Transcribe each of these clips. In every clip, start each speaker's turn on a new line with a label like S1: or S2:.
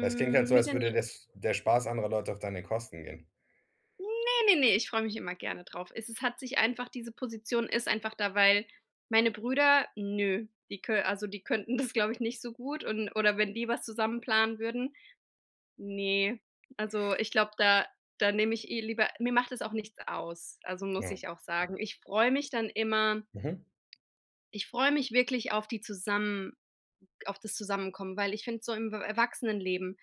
S1: Weil es klingt halt so,
S2: mit
S1: als
S2: den
S1: würde
S2: L
S1: das der Spaß anderer Leute auf deine Kosten gehen.
S2: Ne, ne, ne, ich freu mich immer gerne drauf. Es ist hat sich einfach diese Position ist einfach da, weil meine Brüder nö, die kö also die könnten das, glaube ich, nicht so gut, und oder wenn die was zusammen planen würden ne, also ich glaub, da da nehm ich eh lieber mir macht das auch nichts aus, also, muss
S1: Ja.
S2: ich auch sagen. Ich freu mich dann immer
S1: Mhm.
S2: ich freu mich wirklich auf die Zusammen auf das Zusammenkommen, weil ich find, so im E Erwachsenenleben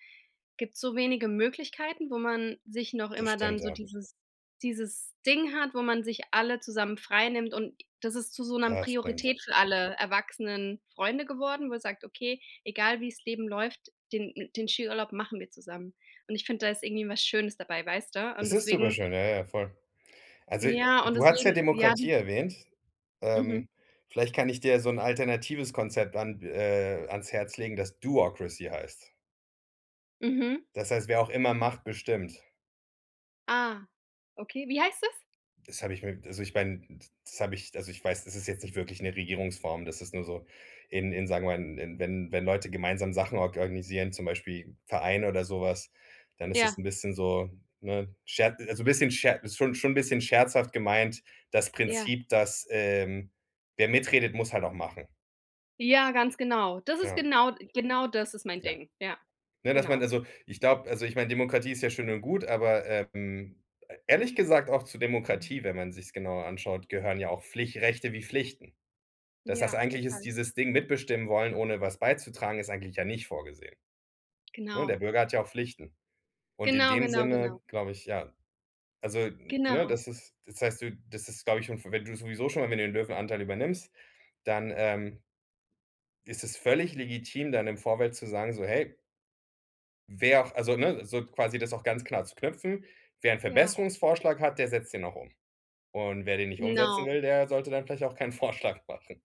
S2: gibt's so wenige Möglichkeiten, wo man sich noch
S1: Das
S2: immer
S1: stimmt,
S2: dann so
S1: ja.
S2: dieses dieses Ding hat, wo man sich alle zusammen frei nimmt. Und das ist zu so 'ner
S1: Das stimmt, ja.
S2: Priorität für alle erwachsenen Freunde geworden, wo sagt: „Okay, egal wie's Leben läuft, den mi den Skiurlaub machen wir zusammen.“ Und ich find, da ist irgendwie was Schönes dabei, weißt du? Und
S1: Das ist super
S2: deswegen
S1: schön. Ja, ja, ja, voll. Also,
S2: Ja, und
S1: du hattest ja
S2: deswegen, ja,
S1: Demokratie
S2: diese
S1: erwähnt.
S2: Mhm.
S1: Ähm, vielleicht kann ich dir ja so 'n alternatives Konzept an äh, ans Herz legen, das Do-ocracy heißt.
S2: Mhm.
S1: Das heißt, wer auch immer macht, bestimmt.
S2: Ah. Okay, wie heißt das?
S1: Das hab ich mir also ich mein, d das hab ich also ich weiß, das ist jetzt nicht wirklich 'ne Regierungsform. Das ist nur so in in sagen wir mal, in wenn wenn Leute gemeinsam Sachen or organisieren, zum Beispiel Vereine oder so was, dann ist das
S2: Ja.
S1: 'n bisschen so, ne, sche also 'n bisschen sche ist schon -schon 'n bisschen scherzhaft gemeint: Das
S2: Ja.
S1: Prinzip, dass, ähm, wer mitredet, muss halt auch machen.
S2: Ja, ganz genau. Das ist
S1: Ja.
S2: genau Genau das ist mein
S1: Ja.
S2: Ding. Ja.
S1: Ne, dass man
S2: Genau.
S1: also, ich glaub also, ich mein, Demokratie ist ja schön und gut, aber, ähm, e ehrlich gesagt auch zu Demokratie- wenn man sich's genauer anschaut- gehören ja auch Pflich Rechte wie Pflichten. Das das
S2: Ja,
S1: eigentlich ist
S2: total.
S1: dieses Ding, mitbestimmen wollen, ohne was beizutragen, ist eigentlich ja nicht vorgesehen. Ne, der
S2: Genau.
S1: Bürger hat ja auch Pflichten. Und in
S2: Genau,
S1: dem
S2: genau, genau.
S1: Sinne, glaube ich, ja Also, n ne,
S2: Genau.
S1: das ist das heißt, du das ist, glaube ich, schon für wenn du sowieso schon irgendwie den Löwenanteil übernimmst, dann, ähm ist das völlig legitim, dann im Vorfeld zu sagen so: „Hey wer auch“ also ne, so quasi das auch ganz klar zu knüpfen: „Wer 'n
S2: Ja.
S1: Verbesserungsvorschlag hat, der setzt den auch um. Und wer den nicht umsetzen
S2: Genau.
S1: will, der sollte dann vielleicht auch keinen Vorschlag machen.“